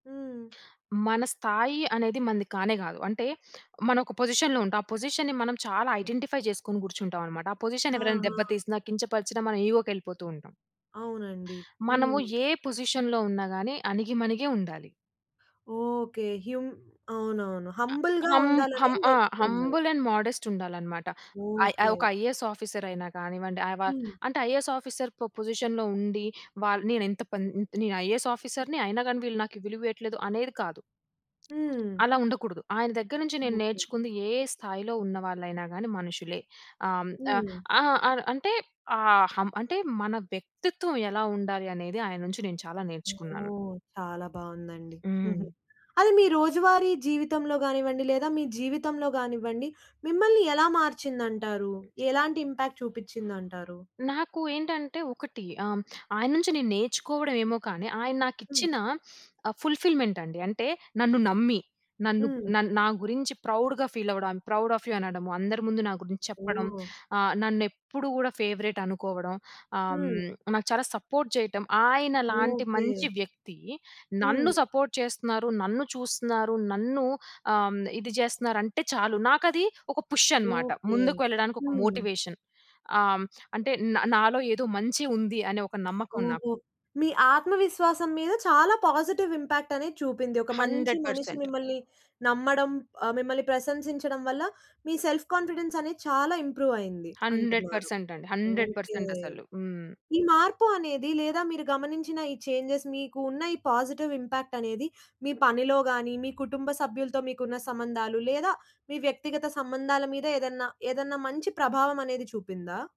హ్మ్. మన స్థాయి అనేది మనది కానే కాదు. అంటే మనం ఒక పొజిషన్‌లో ఉంటాం. ఆ పొజిషన్‌ని మనం చాలా ఐడెంటిఫై జేసుకొని కూర్చుంటాం అన్నమాట. ఆ పొజిషన్ ఎవరన్నా ఆహా! దెబ్బ తీసినా కించపరిచినా మనం ఇగో‌కి ఎళ్ళిపోతూ ఉంటాం. అవునండి. మనము హ్మ్. ఏ పొజిషన్‌లో ఉన్నా‌గాని అణిగిమణిగే ఉండాలి. ఓకే. హ్యుమ్ అవునవును. అ హంబుల్‌గా హం ఉండాలనే హం ఆ! నేర్చుకున్నారు. హంబుల్ అండ్ మోడెస్ట్ ఉండాలన్నమాట. ఐ ఓకే. ఒక ఐఏఎస్ ఆఫీసర్ అయినా కానివ్వండి, ఆవ హ్మ్. అంటే ఐఏఎస్ ఆఫీసర్‌కొ పొజిషన్‌లో ఉండి వాల్ నేనెంత పన్ నేను ఐఏఎస్ ఆఫీసర్‌ని, అయినా‌గాని వీళ్ళు నాకు విలువియ్యట్లేదు అనేది కాదు. హ్మ్. అలా ఉండకూడదు. ఆయన దెగ్గర‌నుంచి నేను ఓకే. నేర్చుకుంది, ఏ స్థాయిలో ఉన్న వాళ్ళయినా గానీ మనుషులే. అం ఆ హ్మ్. ఆ! అ అంటే ఆ హం అంటే మన వ్యక్తిత్వం ఎలా ఉండాలి అనేది ఆయన్నుంచి నేను చాలా నేర్చుకున్నాను. ఓహ్! చాలా బావుందండి. హుహు. హ్మ్. అది మీ రోజువారీ జీవితంలో గానివ్వండి, లేదా మీ జీవితంలో గానివ్వండి, మిమ్మల్ని ఎలా మార్చిందంటారు? ఎలాంటి ఇంపాక్ట్ చూపిచ్చిందంటారు? నాకు ఏంటంటే ఒకటి ఆహ్, ఆయన్నుంచి నేను నేర్చుకోవడం ఏమో కానీ ఆయన హ్మ్. నాకిచ్చిన ఫుల్‌ఫి‌ల్‌మెంట్ అండి అంటే నన్ను నమ్మి నన్ను హ్మ్. నన్ నా గురించి ప్రౌడ్‌గా ఫీల్ అవ్వడం, I am proud of you అనడం, అందరి ముందు నా గురించి చెప్పడం, ఓహ్! ఆహ్, నన్నెప్పుడు గూడా ఫేవరెట్ అనుకోవడం, ఆహ్, హ్మ్. నాకు చాలా సపోర్ట్ చేయటం. ఆయన లాంటి ఓకే. మంచి వ్యక్తి నన్ను హ్మ్. సపోర్ట్ చేస్తున్నారు, నన్ను చూస్తున్నారు, నన్ను ఆహ్, ఇది చేస్తున్నారు, అంటే చాలు నాకది ఒక పుష్ అన్నమాట. ఓకే. ముందుకు వెళ్ళడానికి ఒక హ్మ్. మోటివేషన్. ఆహ్, అంటే నా నాలో ఏదో మంచి ఉంది అనే ఒక నమ్మకం నాకు. ఓహో! మీ ఆత్మవిశ్వాసం మీద చాలా పాజిటివ్ ఇంపాక్ట్ అనేది చూపింది. ఒక మంచి హండ్రెడ్ మనిషి పర్సెంట్. మిమ్మల్ని నమ్మడం ఆహ్, మిమ్మల్ని ప్రశంసించడం వల్ల, మీ సెల్ఫ్ కాన్ఫిడెన్స్ అనేది చాలా ఇంప్రూవ్ అయ్యింది హండ్రెడ్ అంటున్నారు. పర్సెంట్. అండి హండ్రెడ్ ఓకే. పర్సెంట్. అసలు. హ్మ్. ఈ మార్పు అనేది లేదా మీరు గమనించిన ఈ చేంజెస్ మీకు ఉన్న ఈ పాజిటివ్ ఇంపాక్ట్ అనేది మీ పనిలో గాని, మీ కుటుంబ సభ్యులతో మీకున్న సంబంధాలు, లేదా మీ వ్యక్తిగత సంబంధాల మీద ఏదన్నా, ఏదన్నా మంచి ప్రభావం అనేది చూపిందా?